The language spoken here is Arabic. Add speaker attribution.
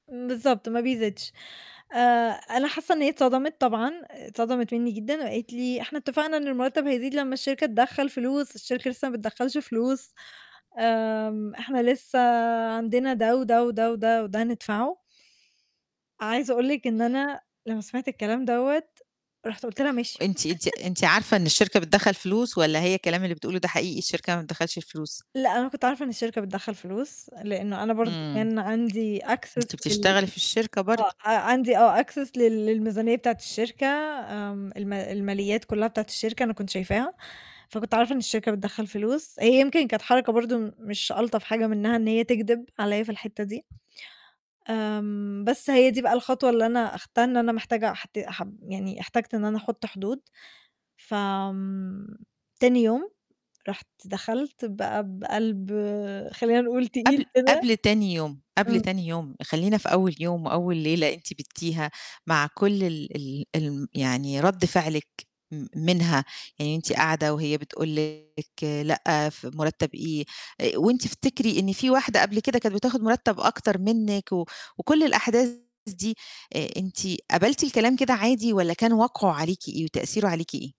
Speaker 1: امم، بالضبط، ما بيزيدش آآ أنا حاسة إن هي اتصدمت طبعًا، اتصدمت مِنّي جدًا، وقالت لي: "إحنا اتفقنا إن المرتب هيزيد لمّا الشركة تدخّل فلوس، الشركة لسه ما بتدخّلش فلوس، آمم إحنا لسه عندنا ده وده وده وده وده ندفعه." عايزة أقول لِك إن أنا لمّا سمعت الكلام دوّة، رُحت قُلت لها: "ماشي."
Speaker 2: وأنتِ أنتِ أنتِ عارفة إن الشركة بتدخّل فلوس، والّا هي الكلام اللي بتقوله ده حقيقي الشركة ما بتدخّلش فلوس؟
Speaker 1: لأ، أنا كنت عارفة إن الشركة بتدخّل فلوس، لإنه أنا برضه
Speaker 2: امم.
Speaker 1: كان عندي access
Speaker 2: أنتِ
Speaker 1: لل
Speaker 2: بتشتغلي في الشركة
Speaker 1: آه،
Speaker 2: برضه.
Speaker 1: عندي آه access لل للميزانية بتاعة الشركة، آمم الما الماليات كلّها بتاعة الشركة، أنا كنت شايفاها، فكنت عارفة إن الشركة بتدخّل فلوس، هي يمكن كانت حركة برضه م مش ألطف حاجة منها إن هي تكدِب عليّا في الحِتّة دي. آمم، بس هي دي بقى الخطوة اللي أنا أخدتها إن أنا محتاجة أحت أح يعني احتجت إن أنا أحُطّ حدود، ف آمم تاني يوم رُحت دخلت بقى بقلب خلّينا نقول تقيل
Speaker 2: قبل
Speaker 1: كده
Speaker 2: قبل تاني يوم، قبل
Speaker 1: إمم.
Speaker 2: تاني يوم، خلّينا في أول يوم وأول ليلة أنتِ بيتّيها مع كل ال ال الم يعني رد فعلِك، م منها، يعني أنتِ قاعدة وهي بتقول لِك لأ، ف مُرتّب إيه، آآ وأنتِ افتكري إن في واحدة قبل كده كانت بتاخد مُرتّب أكتر منِك، و وكل الأحداث دي، آآ أنتِ قبلتِ الكلام كده عادي، والّا كان وقعه عليكِ إيه وتأثيرُه عليكِ إيه؟